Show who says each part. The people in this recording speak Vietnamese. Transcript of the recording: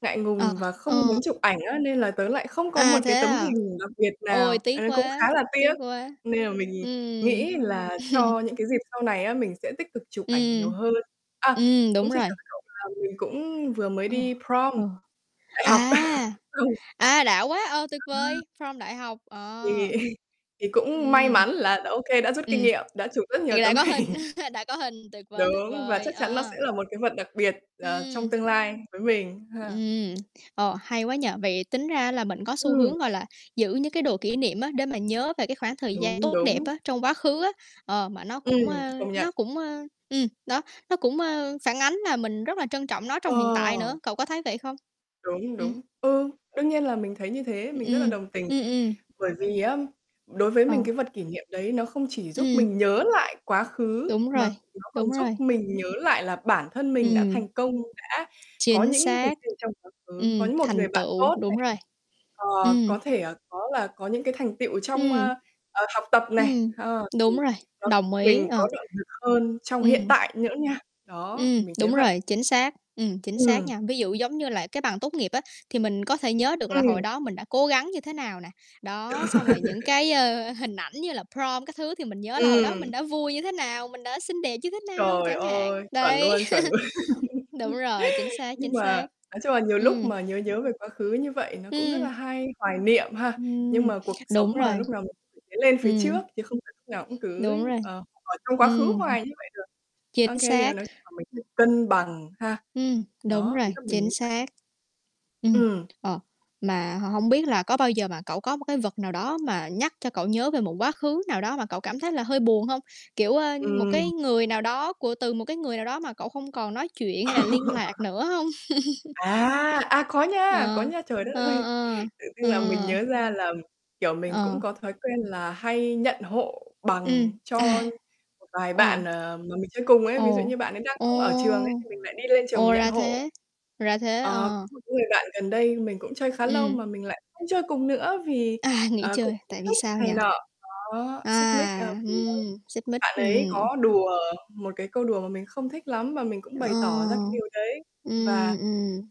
Speaker 1: Ngại
Speaker 2: Ờ,
Speaker 1: ngùng và không muốn
Speaker 2: ờ.
Speaker 1: chụp ảnh á, nên là tớ lại không có một
Speaker 2: À,
Speaker 1: cái
Speaker 2: thế
Speaker 1: tấm
Speaker 2: à?
Speaker 1: hình đặc biệt
Speaker 2: Ôi,
Speaker 1: nào, ờ,
Speaker 2: tiếc
Speaker 1: cũng
Speaker 2: quá,
Speaker 1: khá là tiếc,
Speaker 2: tiếc quá.
Speaker 1: nên là mình nhìn
Speaker 2: Ừm.
Speaker 1: nghĩ là cho những cái dịp sau này á, mình sẽ tích cực chụp ảnh nhiều
Speaker 2: Ừm.
Speaker 1: hơn. A,
Speaker 2: Ừm,
Speaker 1: cũng
Speaker 2: đúng
Speaker 1: chia sẻ
Speaker 2: rồi.
Speaker 1: với cậu là mình cũng vừa mới
Speaker 2: Ừ,
Speaker 1: đi prom
Speaker 2: ừ.
Speaker 1: đại học.
Speaker 2: À,
Speaker 1: Ừ.
Speaker 2: à, đã quá, ờ, tuyệt
Speaker 1: À.
Speaker 2: vời, prom đại học,
Speaker 1: Thì
Speaker 2: ờ.
Speaker 1: thì cũng may
Speaker 2: Ừm.
Speaker 1: mắn là đã OK, đã rút kinh
Speaker 2: Ừm,
Speaker 1: nghiệm, đã chụp rất nhiều
Speaker 2: thì đã
Speaker 1: tấm
Speaker 2: có hình,
Speaker 1: hình.
Speaker 2: đã có hình tuyệt vời, tuyệt
Speaker 1: Đúng, và
Speaker 2: vời,
Speaker 1: chắc chắn nó sẽ
Speaker 2: ờ.
Speaker 1: là một cái vật đặc biệt, và trong
Speaker 2: Ừm.
Speaker 1: tương lai với mình ha.
Speaker 2: Ừm, ờ, hay quá nhỉ? Vậy tính ra là mình có xu
Speaker 1: Ừm.
Speaker 2: hướng, gọi là, giữ những cái đồ kỷ niệm á, để mà nhớ về cái khoảng thời gian
Speaker 1: Đúng,
Speaker 2: tốt đẹp
Speaker 1: đúng.
Speaker 2: á, trong quá khứ á, ờ, mà nó cũng,
Speaker 1: Ừm,
Speaker 2: a,
Speaker 1: công nhận.
Speaker 2: nó cũng, a, ừm, đó, nó cũng, a, phản ánh là mình rất là trân trọng nó trong hiện tại
Speaker 1: Ờ.
Speaker 2: nữa, cậu có thấy vậy không?
Speaker 1: Đúng,
Speaker 2: Ừm.
Speaker 1: đúng. Ừ, đương nhiên là mình thấy như thế,
Speaker 2: Ừm,
Speaker 1: mình rất là
Speaker 2: ừm.
Speaker 1: đồng tình.
Speaker 2: Ừm, ừm.
Speaker 1: Bởi vì á, đối với mình
Speaker 2: Ờ.
Speaker 1: cái vật kỷ niệm đấy nó không chỉ giúp
Speaker 2: Ừm.
Speaker 1: mình nhớ lại quá khứ,
Speaker 2: Đúng
Speaker 1: mà
Speaker 2: rồi,
Speaker 1: nó còn
Speaker 2: đúng
Speaker 1: giúp
Speaker 2: rồi.
Speaker 1: mình nhớ lại là bản thân mình đã
Speaker 2: Ừm.
Speaker 1: thành công, đã có
Speaker 2: Chính
Speaker 1: những cái
Speaker 2: xác.
Speaker 1: gì trong quá khứ, có
Speaker 2: Ừm,
Speaker 1: những một
Speaker 2: thành
Speaker 1: người bạn
Speaker 2: tựu,
Speaker 1: tốt nè.
Speaker 2: đúng rồi.
Speaker 1: Ờ,
Speaker 2: Ừm.
Speaker 1: có thể, à, có là có những cái thành tựu trong,
Speaker 2: Ừm.
Speaker 1: ơ, ờ, học tập này.
Speaker 2: Ừm,
Speaker 1: Ờ, thì
Speaker 2: đúng rồi,
Speaker 1: nó giúp
Speaker 2: đồng ý,
Speaker 1: mình
Speaker 2: ờ.
Speaker 1: có động lực hơn trong hiện
Speaker 2: Ừm.
Speaker 1: tại nữa nha. Đó,
Speaker 2: Ừm,
Speaker 1: mình thấy
Speaker 2: đúng
Speaker 1: vậy.
Speaker 2: rồi, chính xác, ừm, chính xác
Speaker 1: Ừm.
Speaker 2: nha. Ví dụ giống như là cái bằng tốt nghiệp á, thì mình có thể nhớ được là
Speaker 1: Ừm.
Speaker 2: hồi đó mình đã cố gắng như thế nào nè, đó, xong rồi những cái, ơ, hình ảnh như là prom các thứ thì mình nhớ là hồi đó mình
Speaker 1: Ừm.
Speaker 2: đã vui như thế nào, mình đã xinh đẹp như thế nào,
Speaker 1: Trời
Speaker 2: chẳng hạn.
Speaker 1: ơi, chuẩn
Speaker 2: Đấy,
Speaker 1: luôn, chuẩn luôn.
Speaker 2: đúng rồi, chính xác,
Speaker 1: Nhưng
Speaker 2: chính
Speaker 1: mà
Speaker 2: xác.
Speaker 1: nói chung là nhiều lúc
Speaker 2: Ừm.
Speaker 1: mà nhớ nhớ về quá khứ như vậy nó cũng rất là
Speaker 2: Ừm.
Speaker 1: hay, hoài niệm ha. Nhưng
Speaker 2: Ừm,
Speaker 1: mà cuộc sống
Speaker 2: đúng
Speaker 1: mà,
Speaker 2: rồi.
Speaker 1: lúc nào mình cũng phải lên phía
Speaker 2: Ừm.
Speaker 1: trước chứ không phải lúc nào cũng cứ,
Speaker 2: Đúng rồi,
Speaker 1: ờ, ở trong quá khứ
Speaker 2: ừm hừm.
Speaker 1: hoài như vậy được. OK,
Speaker 2: Chính
Speaker 1: thì mà
Speaker 2: xác.
Speaker 1: nói chung là mình
Speaker 2: Ừm.
Speaker 1: phải cân bằng, ha.
Speaker 2: Ừm, đúng
Speaker 1: Đó,
Speaker 2: rồi,
Speaker 1: ý là mình
Speaker 2: chính
Speaker 1: muốn vậy.
Speaker 2: xác. Ừm,
Speaker 1: Ừm.
Speaker 2: ờ, mà h hông biết là có bao giờ mà cậu có một cái vật nào đó mà nhắc cho cậu nhớ về một quá khứ nào đó mà cậu cảm thấy là hơi buồn hông? Kiểu, ơ, một
Speaker 1: Ừm.
Speaker 2: cái người nào đó của từ một cái người nào đó mà cậu không còn nói chuyện hay là liên lạc nữa hông?
Speaker 1: À, à, có nha, có
Speaker 2: Ờ,
Speaker 1: nha. Trời đất
Speaker 2: ờ,
Speaker 1: ơi,
Speaker 2: ờ,
Speaker 1: tự dưng là mình
Speaker 2: ờ.
Speaker 1: nhớ ra là, kiểu, mình cũng
Speaker 2: Ờ.
Speaker 1: có thói quen là hay nhận hộ
Speaker 2: Ừm,
Speaker 1: bằng cho
Speaker 2: à.
Speaker 1: một vài
Speaker 2: Ờ.
Speaker 1: bạn, ờ, mà mình chơi cùng ấy. Ví dụ
Speaker 2: Ồ,
Speaker 1: như bạn ấy đang
Speaker 2: ồ!
Speaker 1: không ở trường ấy, thì mình lại đi lên trường mình
Speaker 2: Ồ,
Speaker 1: nhận
Speaker 2: ra
Speaker 1: hộ.
Speaker 2: thế, ra thế,
Speaker 1: Ờ, có
Speaker 2: ờ.
Speaker 1: một cái người bạn gần đây mình cũng chơi khá lâu
Speaker 2: Ừm.
Speaker 1: mà mình lại không chơi cùng nữa vì,
Speaker 2: À, nghỉ
Speaker 1: ờ, cũng
Speaker 2: chơi,
Speaker 1: xích
Speaker 2: tại vì
Speaker 1: mích
Speaker 2: sao
Speaker 1: này
Speaker 2: nhỉ?
Speaker 1: nọ. Đó, xích mích, ờ,
Speaker 2: À,
Speaker 1: vì bạn
Speaker 2: ừm, xích mích,
Speaker 1: bạn ấy
Speaker 2: ừm.
Speaker 1: có đùa một cái câu đùa mà mình không thích lắm, mà mình cũng bày tỏ ra cái
Speaker 2: Ờ.
Speaker 1: điều đấy
Speaker 2: Ừm,
Speaker 1: và
Speaker 2: ừm.